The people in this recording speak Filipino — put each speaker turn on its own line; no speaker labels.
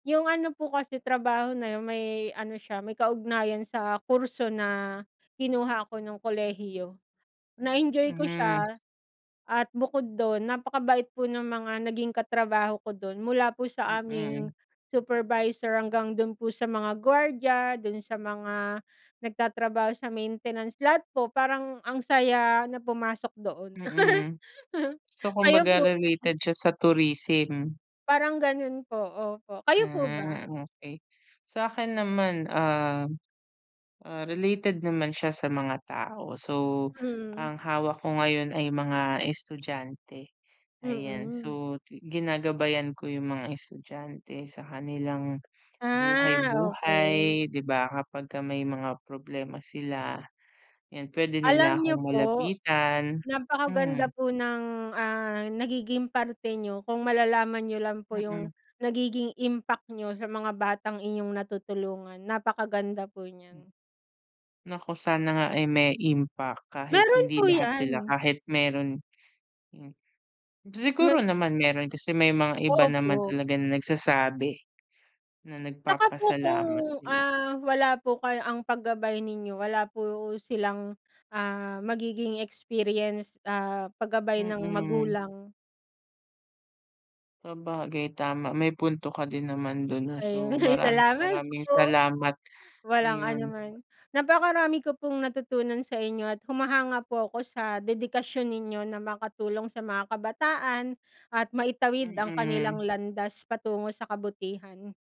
'Yong ano po kasi, trabaho na 'yon may ano siya, may kaugnayan sa kurso na, kinuha ko no'ng kolehiyo. Na-enjoy ko
Hmm.
siya at bukod do'n, napakabait po ng mga naging katrabaho ko do'n. Mula po
Hmm,
sa aming
mm.
supervisor hanggang do'n po sa mga gwardiya, do'n sa mga nagtatrabaho sa maintenance. Lahat po, parang ang saya na pumasok doon.
Mhm. So,
Kayo
kumbaga
po?
related siya sa tourism.
Parang gano'n po, opo. Kayo po ba?
Ah, okay. Sa'kin naman, uhm, ah, related naman siya sa mga tao. So,
Mm.
ang hawak ko ngayon ay mga estudyante, ayan.
Mm.
So, ti ginagabayan ko 'yong mga estudyante sa kanilang,
Ah, okay.
buhay-buhay, 'di ba. Kapagka may mga problema sila. 'Yan, puwede nila
Alam niyo
akong
po,
malapitan, hmm.
napakaganda po ng, ah, nagiging parte niyo kung malalaman niyo lang po 'yong
Mm.
nagiging impact niyo sa mga batang inyong natutulungan. Napakaganda po niyan.
Naku, sana nga ay may impact kahit
Meron
hindi
po
lahat sila,
yan.
kahit meron yu
Me
Siguro naman meron, kasi may mga iba naman
Opo.
talaga na nagsasabi, na
'Tsaka po, kung,
nagpapasalamat sila.
ah, wala po kaya ang paggabay ninyo, wala po silang, ah, magiging experience, ah, paggabay ng
Mm.
magulang.
Sabagay, tama. May punto ka din naman do'n, ah. So,
Ayon, ay,
maraming,
salamat
maraming
po.
salamat,
Walang ano
ayon.
naman. Napakarami ko pong natutunan sa inyo at humahanga po ako sa dedikasyon ninyo na makatulong sa mga kabataan at maitawid ang kanilang
Mm.
landas patungo sa kabutihan.